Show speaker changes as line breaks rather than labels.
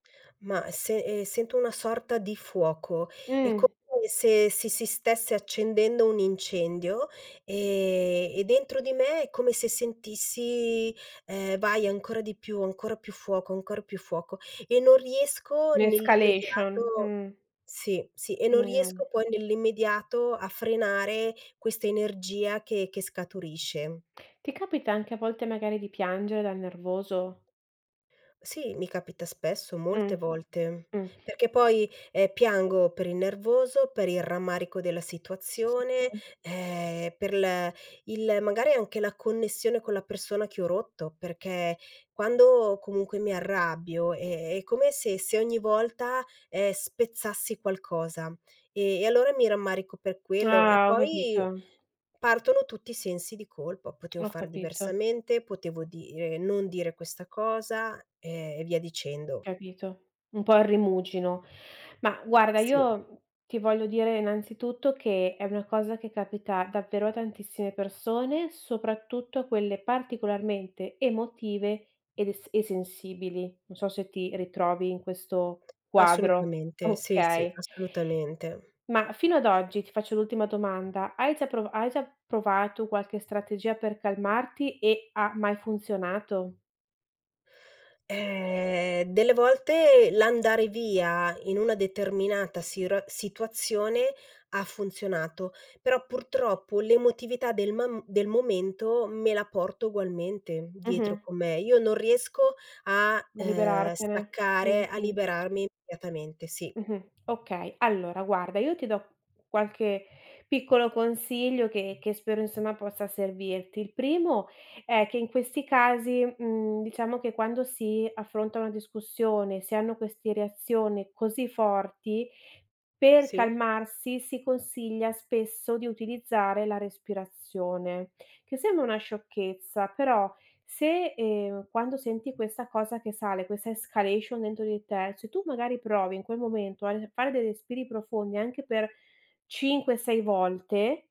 Ma, se, ehm, sento una sorta di fuoco, è come
Mh.
se se si stesse accendendo un incendio e e dentro di me è come se sentissi, ehm: "Vai ancora di più, ancora più fuoco, ancora più fuoco", e non riesco
Un'escalation,
nell'immediato
mh.
sì, sì, e non
Mh.
riesco poi nell'immediato a frenare questa energia che che scaturisce.
Ti capita anche a volte magari di piangere dal nervoso?
Sì, mi capita spesso,
Mh.
molte volte,
Mh.
perché poi, ehm, piango per il nervoso, per il rammarico della
Sì,
situazione,
[unintelligible]
ehm, per l il magari anche la connessione con la persona che ho rotto, perché quando comunque mi arrabbio è è come se se ogni volta, ehm, spezzassi qualcosa e e allora mi rammarico per quello e
Ah, ho
poi
capito.
partono tutti i sensi di colpa: potevo
Ho
fare
capito.
diversamente, potevo dire non dire questa cosa e via dicendo.
Capito. Un po' il rimuginio. Ma guarda,
Sì.
io ti voglio dire innanzitutto che è una cosa che capita davvero a tantissime persone, soprattutto a quelle particolarmente emotive ed es e sensibili. Non so se ti ritrovi in questo quadro.
Assolutamente. Sì, sì,
Okay.
assolutamente.
Ma fino ad oggi, ti faccio l'ultima domanda, hai già prova hai già provato qualche strategia per calmarti e ha mai funzionato?
Eh, delle volte l'andare via in una determinata sira situazione ha funzionato, però purtroppo l'emotività del mam del momento me la porto ugualmente dietro
Mh-mh.
con me. Io non riesco a,
A
ehm,
liberartene,
staccare, a
mh-mh.
liberarmi immediatamente, sì.
Mh-mh. Okay, allora guarda, io ti do qualche piccolo consiglio che che spero, insomma, possa servirti. Il primo è che in questi casi, mhmm, diciamo che quando si affronta una discussione, si hanno queste reazioni così forti, per
Sì.
calmarsi si consiglia spesso di utilizzare la respirazione, che sembra una sciocchezza, però se, ehm, quando senti questa cosa che sale, questa escalation dentro di te, se tu magari provi in quel momento al fare dei respiri profondi anche per 5, 6 volte